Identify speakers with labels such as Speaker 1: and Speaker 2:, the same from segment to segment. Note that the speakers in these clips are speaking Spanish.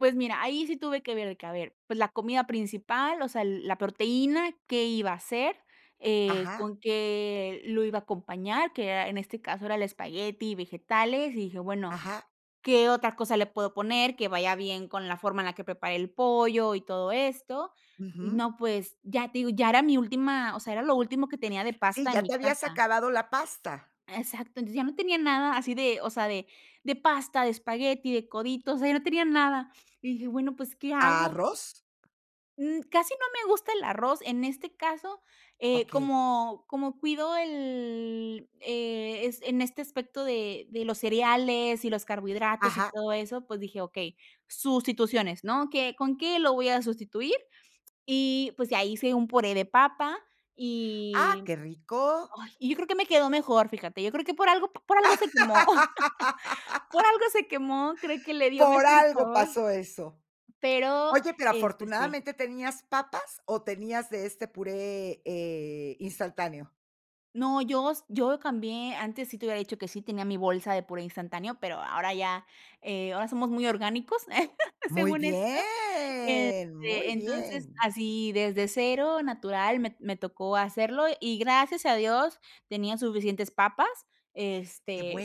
Speaker 1: Pues, mira, ahí sí tuve que ver, de que a ver, pues, la comida principal, o sea, la proteína, qué iba a hacer, eh,
Speaker 2: Ajá.
Speaker 1: con qué lo iba a acompañar, que era en este caso, era el espagueti y vegetales, y dije: "Bueno,
Speaker 2: Ajá.
Speaker 1: ¿qué otra cosa le puedo poner, que vaya bien con la forma en la que preparé el pollo y todo esto?". Y
Speaker 2: Ujú.
Speaker 1: no, pues, ya te digo, ya era mi última o sea, era lo último que tenía de
Speaker 2: Si,
Speaker 1: pasta en
Speaker 2: ya
Speaker 1: mi
Speaker 2: te habías
Speaker 1: casa.
Speaker 2: acabado la pasta.
Speaker 1: Exacto. Entonces, ya no tenía nada así de, o sea, de de pasta, de espagueti, de coditos, o sea, ya no tenía nada. Y dije: "Bueno, pues, ¿qué hago?".
Speaker 2: ¿Arroz?
Speaker 1: Mm, casi no me gusta el arroz, en este caso, eh,
Speaker 2: Okey.
Speaker 1: como como cuido el eh, es en este aspecto de de los cereales y los carbohidratos, y
Speaker 2: Ajá.
Speaker 1: todo eso, pues dije: "Okey, sustituciones, ¿no? ¿Qué con qué lo voy a sustituir?". Y, pues ya hice un puré de papa
Speaker 2: Ah,
Speaker 1: y
Speaker 2: qué rico.
Speaker 1: ay, y yo creo que me quedó mejor, fíjate, yo creo que por algo p por algo se quemó, por algo se quemó, creo que le dio
Speaker 2: Por
Speaker 1: mejor
Speaker 2: algo
Speaker 1: sabor.
Speaker 2: pasó eso.
Speaker 1: Pero,
Speaker 2: Oye, pero
Speaker 1: este Sí.
Speaker 2: afortunadamente, ¿tenías papas o tenías de este puré, eh, instantáneo?
Speaker 1: No, yo s yo cambié, antes sí te habiera dicho que sí tenía mi bolsa de puré instantáneo, pero ahora ya, eh, ahora somos muy orgánicos,
Speaker 2: Muy
Speaker 1: según esto.
Speaker 2: bien, muy
Speaker 1: Este, entonces,
Speaker 2: bien.
Speaker 1: así, desde cero, natural, me t me tocó hacerlo, y gracias a Dios, tenía suficientes papas,
Speaker 2: Qué
Speaker 1: este,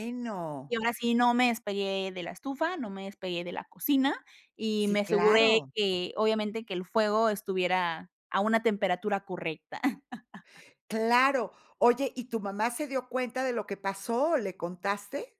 Speaker 1: y ahora sí, no me despegué de la estufa, no me despegué de la cocina y
Speaker 2: Sí,
Speaker 1: me aseguré
Speaker 2: claro.
Speaker 1: que, obviamente, que el fuego estuviera a una temperatura correcta.
Speaker 2: Claro. Oye, ¿y tu mamá se dio cuenta de lo que pasó? ¿Le contaste?